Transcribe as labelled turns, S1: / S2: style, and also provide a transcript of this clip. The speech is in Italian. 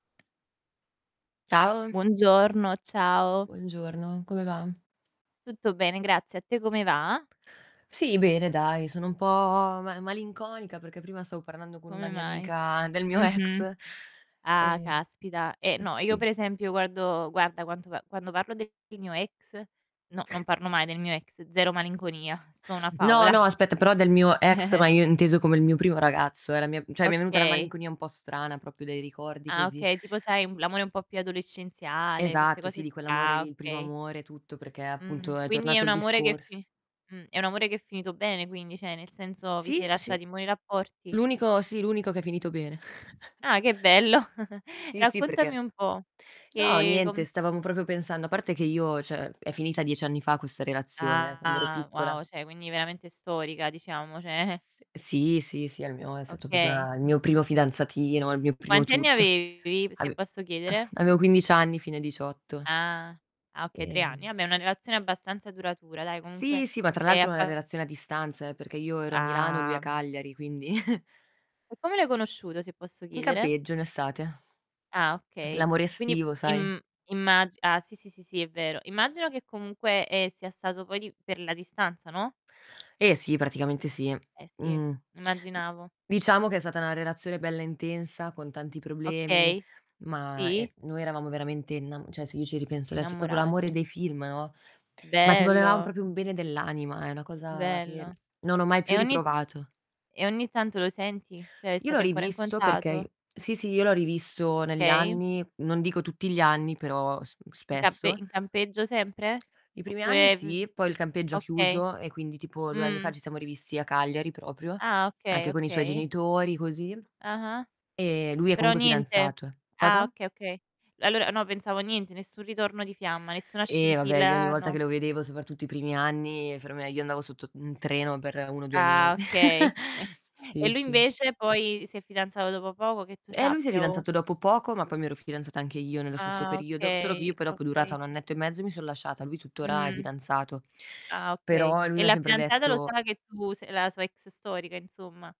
S1: Ciao.
S2: Buongiorno, ciao.
S1: Buongiorno, come va?
S2: Tutto bene, grazie. A te come va?
S1: Sì, bene dai, sono un po' ma malinconica perché prima stavo parlando con
S2: Come
S1: una mia
S2: mai?
S1: amica del mio
S2: Mh-mh.
S1: ex.
S2: Ah,
S1: E
S2: caspita. Eh, no, io
S1: sì.
S2: per esempio guardo guarda quanto a quando parlo del mio ex no, non parlo mai del mio ex, 0 malinconia, sto una
S1: No, no,
S2: favola.
S1: aspetta, però del mio ex, ma io inteso come il mio primo ragazzo, eh, la mia cioè mi è venuta una
S2: Okay.
S1: malinconia un po' strana, proprio dei ricordi
S2: Ah,
S1: così.
S2: okay, tipo, sai, l'amore un po' più adolescenziale, queste
S1: Esatto, sì,
S2: cose
S1: di
S2: qu
S1: quell'amore
S2: ah,
S1: lì, il primo
S2: okay.
S1: amore, tutto, perché
S2: Mh.
S1: appunto è
S2: Quindi è
S1: tornato
S2: un
S1: il
S2: amore che è
S1: discors
S2: fi mh, è un amore che è finito bene, quindi, cioè nel senso vi
S1: Sì,
S2: siete
S1: sì.
S2: lasciati in buoni rapporti?
S1: L'unico sì, l'unico che è finito bene.
S2: Ah, che bello.
S1: Sì, sì,
S2: Raccontami
S1: perché
S2: un po',
S1: no,
S2: che
S1: niente,
S2: com
S1: stavamo proprio pensando a parte che io, cioè, è finita 10 anni fa questa relazione eh, quando ero
S2: Ah, wow,
S1: piccola
S2: cioè quindi veramente storica, diciamo, cioè
S1: S sì, sì, sì, è il mio è stato proprio
S2: Okay.
S1: a il mio primo fidanzatino, il mio primo
S2: Quanti anni
S1: tutto.
S2: avevi, se
S1: Ave
S2: posso chiedere?
S1: avevo 15 anni, fino ai 18.
S2: Ah, ah okay, 3 anni.
S1: Ehm
S2: Vabbè, una relazione abbastanza duratura, dai, comunque,
S1: Sì, sì, ma tra
S2: e hai
S1: l'altro una
S2: fa
S1: relazione a distanza eh, perché io ero a Milano, lui a
S2: Ah.
S1: Cagliari, quindi
S2: E come l'hai conosciuto, se posso
S1: In
S2: chiedere?
S1: campeggio, in estate.
S2: Ah, okay.
S1: L'amore
S2: Quindi
S1: estivo, sai?
S2: im immagi ah sì, sì, sì, sì, è vero. Immagino che comunque, ehm, sia stato poi di per la distanza, no?
S1: Eh sì, praticamente sì.
S2: Eh sì,
S1: Mhmm,
S2: immaginavo.
S1: diciamo che è stata una relazione bella intensa, con tanti problemi.
S2: Okay,
S1: Ma,
S2: sì.
S1: ehm, noi eravamo veramente innam cioè se io ci ripenso adesso, proprio l'amore
S2: Innamorati.
S1: dei film, no, ma ci volevam
S2: Bello!
S1: proprio un bene dell'anima, è una cosa che
S2: Bello.
S1: non ho mai più
S2: E ogni
S1: riprovato.
S2: e ogni tanto lo senti? Cioè
S1: Io l'ho
S2: state ancora in
S1: rivisto perché i
S2: contato?
S1: sì, sì, io l'ho rivisto negli
S2: Okay.
S1: anni, non dico tutti gli anni, però s
S2: In campe
S1: spesso.
S2: in campeggio sempre?
S1: I primi anni
S2: Oppure v
S1: sì, poi il campeggio ha
S2: okay.
S1: chiuso e quindi tipo 2 anni fa
S2: Mh.
S1: ci siamo rivisti a Cagliari proprio,
S2: Ah, okay,
S1: anche con i suoi
S2: okay.
S1: genitori, così.
S2: Ah-ah.
S1: Ehm, lui è
S2: Però
S1: comunque
S2: niente.
S1: fidanzato, eh
S2: Ah,
S1: cosa?
S2: okay, okay. Allora no, pensavo niente, nessun ritorno di fiamma, nessuna
S1: Eh vabbè, io ogni
S2: scintilla
S1: volta che
S2: no.
S1: lo vedevo, soprattutto i primi anni, per me io andavo sotto un treno per 1 o 2
S2: Ah,
S1: mesi.
S2: okay. E
S1: Sì,
S2: lui
S1: sì.
S2: invece poi si è fidanzato dopo poco, che tu
S1: Eh, lui si è
S2: sappia o
S1: fidanzato dopo poco, ma poi mi ero fidanzata anche io nello stesso
S2: Ah,
S1: periodo. Solo che
S2: okay,
S1: io poi dopo è durata
S2: okay.
S1: 1 annetto e mezzo, mi sono lasciata. Lui tuttora è
S2: Mh-mh.
S1: fidanzato.
S2: Ah, okay.
S1: Però lui
S2: E
S1: mi ha
S2: la
S1: sempre
S2: fidanzata lo
S1: detto
S2: sa che tu sei la sua ex storica, insomma?